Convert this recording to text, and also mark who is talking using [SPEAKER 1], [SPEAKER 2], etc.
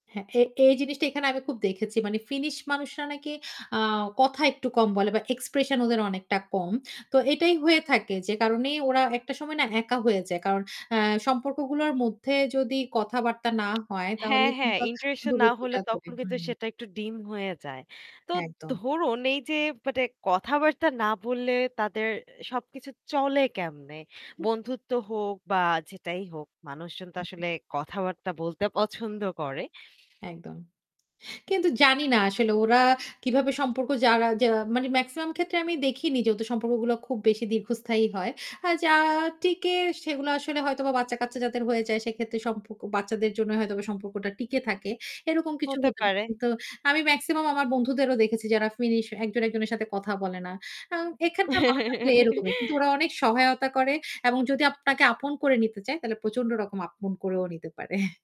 [SPEAKER 1] হ্যাঁ, এ এই জিনিসটা এখানে আমি খুব দেখেছি। মানে ফিনিশ মানুষরা নাকি আ কথা একটু কম বলে বা এক্সপ্রেশন ওদের অনেকটা কম। তো এটাই হয়ে থাকে যে কারণে ওরা একটা সময় না একা হয়ে যায়। কারণ অ্যা সম্পর্কগুলোর মধ্যে যদি কথাবার্তা না হয় তাহলে
[SPEAKER 2] হ্যাঁ, হ্যাঁ,
[SPEAKER 1] কিন্তু
[SPEAKER 2] ইন্টারেকশন না হলে
[SPEAKER 1] দূরত্বটা ধরে,
[SPEAKER 2] তখন কিন্তু
[SPEAKER 1] হুম।
[SPEAKER 2] সেটা একটু ডিম হয়ে যায়। তো
[SPEAKER 1] একদম।
[SPEAKER 2] ধরুন এই যে মানে কথাবার্তা না বললে তাদের সবকিছু চলে কেমনে?
[SPEAKER 1] [unintelligible]
[SPEAKER 2] বন্ধুত্ব হোক বা যেটাই হোক মানুষজন তো
[SPEAKER 1] উহুম।
[SPEAKER 2] আসলে কথাবার্তা বলতে পছন্দ করে।
[SPEAKER 1] একদম। কিন্তু জানি না আসলে ওরা কিভাবে সম্পর্ক যারা যে মানে মেক্সিমাম ক্ষেত্রে আমি দেখিনি যেহেতু সম্পর্কগুলো খুব বেশি দীর্ঘস্থায়ী হয়। আর যা টিকে সেগুলো আসলে হয়তো বা বাচ্চা-কাচ্চা যাদের হয়ে যায় সেক্ষেত্রে সম্পর্ক বাচ্চাদের জন্য হয়তোবা সম্পর্কটা টিকে থাকে। এরকম কিছু
[SPEAKER 2] হতে
[SPEAKER 1] হতে পারে।
[SPEAKER 2] পারে।
[SPEAKER 1] কিন্তু আমি মেক্সিমাম আমার বন্ধুদেরও দেখেছি যারা ফিনিশ একজন একজনের সাথে কথা বলে না। এখানকার মানুষ [unintelligible] এরকমই। কিন্তু ওরা অনেক সহায়তা করে এবং যদি আপনাকে আপন করে নিতে চায় তাহলে প্রচন্ড রকম আপন করেও নিতে পারে।